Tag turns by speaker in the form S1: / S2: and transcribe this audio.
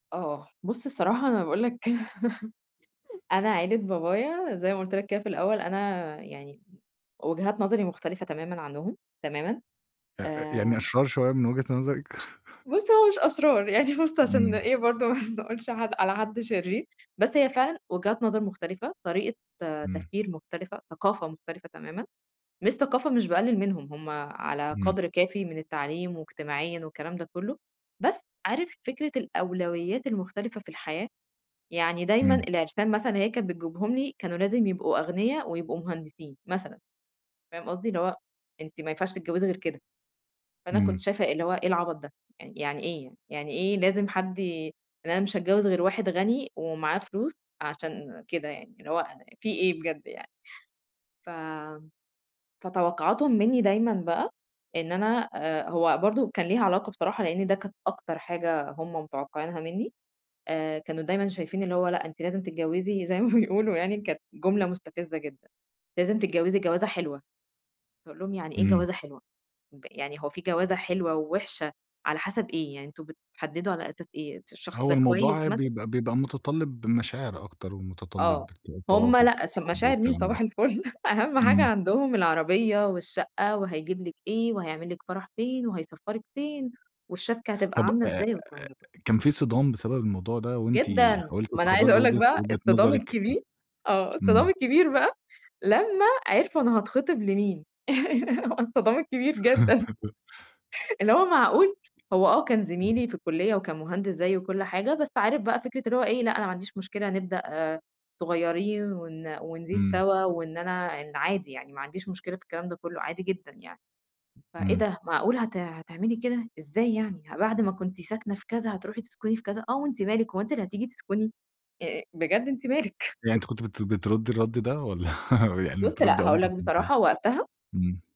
S1: آه، بص الصراحة أنا باقول لك كده أنا عِيلة بابايا زي ما قلت لك كده في الأول أنا يعني وجهات نظري مختلفة تمامًا عنهم تمامًا
S2: أ أ يعني
S1: آآ
S2: أشرار شوية من وجهة نظرِك.
S1: بص هو مش أشرار يعني بص عشان
S2: إمم.
S1: إيه برضه ما نقولش ح على حد شرير بس هي فعلًا وجهات نظر مختلفة، طريقة
S2: إمم.
S1: تفكير مختلفة، ثقافة مختلفة تمامًا، مش ثقافة مش باقلل منهم؛ همّ على
S2: إمم.
S1: قدر كافي من التعليم واجتماعيًا والكلام ده كله، بس عارف فكرة الأولويات المختلفة في الحياة؟ يعني دايمًا
S2: إمم.
S1: العرسان مثلًا هي كانت بتجيبهم لي كانوا لازم يبقوا أغنِيَا ويبقوا مهندسين، مثلًا، فاهم قصدي؟ اللي هو أنتِ ما ينفعش تتجوزي غير كده. فأنا كنت
S2: إمم.
S1: شايفة اللي هو ايه العبط ده؟! يعني ايه يعني؟ يعني إيه لازم حد ي يعني أنا مش هاتجوز غير واحد غني ومعاه فلوس عشان كده يعني، اللي هو في ايه بجد يعني؟! ف فتوقعاتهم منّي دايمًا بقى إن أنا هو برضه كان ليها علاقة بصراحة لإن ده كانت أكتر حاجة هم متوقعينها منّي، آآ، كانوا دايمًا شايفين اللي هو لأ، أنتِ لازم تتجوزي زي ما بيقولوا يعني كانت جملة مستفزة جدًا: "لازم تتجوزي جوازة حلوة."، فاقول لهم يعني إيه
S2: إمم.
S1: جوازة حلوة؟ يعني هو في جوازة حلوة ووحشة على حسب ايه؟ يعني أنتم بتحددوا على أساس إيه، الشخص
S2: هو
S1: ده كويس
S2: الموضوع
S1: مثلًا!
S2: بيبقى بيبقى متطلب مشاعر أكتر ومتطلب
S1: آه، هم
S2: التوافق
S1: لأ ش
S2: والحب
S1: مشاعر مين
S2: والكلام ده،
S1: صباح الفل أهم حاجة
S2: إمم.
S1: عندهم العربية والشقة، وهيجيب لِك ايه، وهيعمل لِك فرح فين، وهيسفرِك فين، والشَبْكَة هتبقى
S2: طب
S1: عاملة
S2: آآ أ
S1: إزاي، والكلام ده كله.
S2: كان في صِدام بسبب الموضوع ده وأنتِ
S1: جدًا،
S2: حاولتِ
S1: ما أنا عايزة
S2: تخرّجي
S1: أقول لك
S2: وجهة
S1: بقى
S2: وجهة
S1: الصِدام
S2: نظرِك ف
S1: الكبير آه، الصِدام
S2: إمم.
S1: الكبير بقى لمّا عرفوا أنا هاتخطب لمين، الصِدام الكبير جدًا. اللي هو معقول؟! هو آه كان
S2: [unintelligible]
S1: زميلي في الكلية وكان مهندس زيي وكل حاجة، بس عارف بقى فكرة اللي هو ايه لأ، أنا ما عنديش مشكلة نبدأ صغيرين ون ونزيد
S2: إمم.
S1: سوا، وإن أنا عادي يعني ما عنديش مشكلة في الكلام ده كله عادي جدًا يعني. فإيه
S2: إمم.
S1: ده معقولة هت هتعملي كده! إزاي يعني؟ ما بعد ما كنتِ ساكنة في كذا هتروحي تسكني في كذا؟ آه وأنتِ مالِك هو أنتِ اللي هتيجي تسكني؟ أ بجد أنتِ مالك؟!
S2: أ يعني أنتِ كنتِ بت بتردي الرد ده والّا يعني
S1: بص
S2: بتردي
S1: لأ، هاقول
S2: ألطف
S1: لك
S2: من كده؟
S1: بصراحة، وقتها
S2: إمم.